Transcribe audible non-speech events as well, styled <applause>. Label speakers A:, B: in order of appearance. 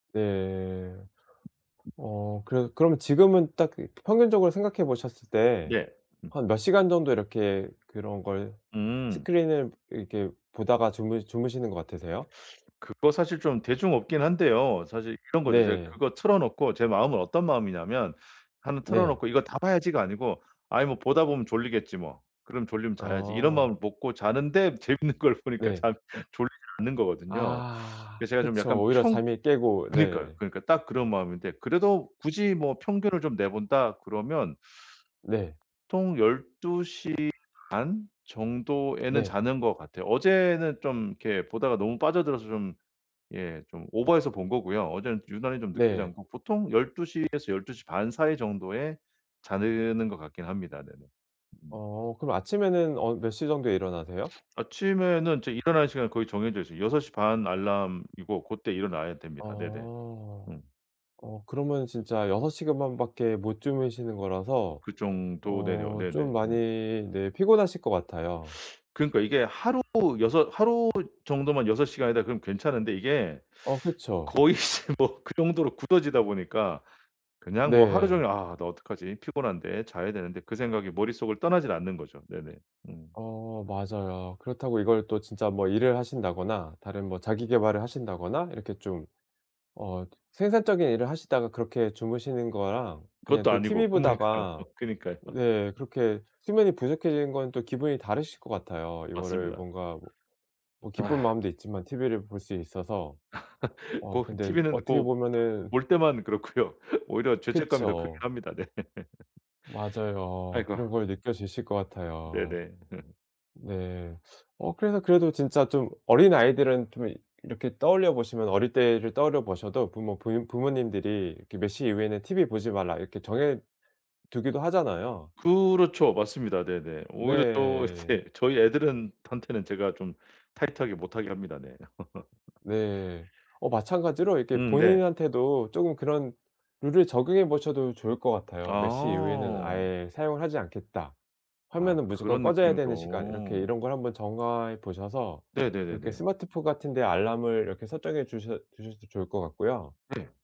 A: 네. 어 그 그럼 지금은 딱 그 평균적으로 생각해 보셨을 때
B: 네. 음.
A: 한 몇 시간 정도 이렇게 그런 걸
B: 음.
A: 스크린을 이렇게 보다가 주무 주무시는 것 같으세요?
B: 그거 사실 좀 대중 없긴 한데요 사실 이런 거죠. 제가
A: 네.
B: 그거 틀어 놓고 제 마음은 어떤 마음이냐면 1 틀어
A: 네.
B: 놓고 '이거 다 봐야지.'가 아니고 '아이 뭐 보다 보면 졸리겠지 뭐. 그럼 졸리면 자야지.' 이런
A: 어.
B: 마음을 먹고 자는데 재밌는 걸 보니까
A: 네.
B: 잠 졸리지 않는 거거든요.
A: 아.
B: 그래서 제가 좀
A: 그쵸.
B: 약간
A: 오히려
B: 평
A: 잠이 깨고.
B: 그니까요
A: 네.
B: 그니까 딱 그런 마음인데 그래도 굳이 뭐 평균을 좀 내본다 그러면
A: 네.
B: 보통 12:30 정도에는
A: 네.
B: 자는 것 같아요. 어제는 좀 이렇게 보다가 너무 빠져들어서 좀 예 좀 오버해서 본 거고요. 어제는 유난히 좀 늦게
A: 네.
B: 자고 보통 12:00 에서 12:30 사이 정도에 자는 것 같긴 합니다. 네네. 음.
A: 어. 그럼 아침에는 어 몇 시 정도에 일어나세요?
B: 아침에는 이제 일어나는 시간이 거의 정해져 있어요. 6:30 알람이고 고때 일어나야
A: 아.
B: 됩니다. 네네. 음.
A: 어 그러면 진짜 6 시간 반밖에 못 주무시는 거라서
B: 그 정도 네
A: 어
B: 어
A: 좀
B: 네네.
A: 많이
B: 음.
A: 네 피곤하실 것 같아요.
B: 그러니까 이게 하루 여섯 하루 정도만 6 시간이다 그럼 괜찮은데 이게
A: 어 그쵸.
B: 거의 이제 뭐 그 정도로 굳어지다 보니까 그냥 뭐 하루
A: 네.
B: 종일 '아 나 어떡하지 피곤한데 자야 되는데.' 그 생각이 머릿속을 떠나질 않는 거죠. 네네. 음.
A: 어 맞아요. 그렇다고 이걸 또 진짜 뭐 일을 하신다거나 다른 뭐 자기 계발을 하신다거나 이렇게 좀 어 생산적인 일을 하시다가 그렇게 주무시는 거랑 그냥
B: 그것도
A: 또
B: 아니고. 그니까요,
A: 티브이보다가
B: 그니까요.
A: 네 그렇게 수면이 부족해지는 건 또 기분이 다르실 것 같아요. 이거를
B: 맞습니다.
A: 뭔가 뭐 뭐 기쁜
B: 아.
A: 마음도 있지만 티브이를 볼 수 있어서.
B: <laughs>
A: 어
B: 꼭
A: 근데
B: 티브이는
A: 어떻게
B: 꼭
A: 보면은
B: 볼 때만 그렇고요. 오히려 죄책감이 더 크긴
A: 그쵸.
B: 합니다. 네. <laughs>
A: 맞아요.
B: 아이고.
A: 그런 걸 느껴지실 것 같아요.
B: 네네. <laughs>
A: 네. 어 그래서 그래도 진짜 좀 어린 아이들은 좀 이렇게 떠올려 보시면 어릴 때를 떠올려 보셔도 부모 부인 부모님들이 이렇게 "몇 시 이후에는 티브이 보지 마라." 이렇게 정해 두기도 하잖아요.
B: 그렇죠. 맞습니다. 네네. 오히려 저
A: 네.
B: 이제 저희 애들은 한테는 제가 좀 타이트하게 못하게 합니다. 네. <laughs>
A: 네. 어 마찬가지로 이렇게
B: 음. 네.
A: 본인한테도 쪼금 그런 룰을 적용해 보셔도 좋을 것 같아요. '몇 시 이후에는
B: 아.
A: 아예 사용을 하지 않겠다.
B: 아
A: 화면은 무조건
B: 그런
A: 꺼져야 되는 시간.' 이렇게
B: 느낌으로.
A: 이런 걸 한번 정해 보셔서 이렇게
B: 네네네네.
A: 스마트폰 같은 데 알람을 이렇게 설정해 주셔 주셔도 좋을 것 같고요.
B: 네.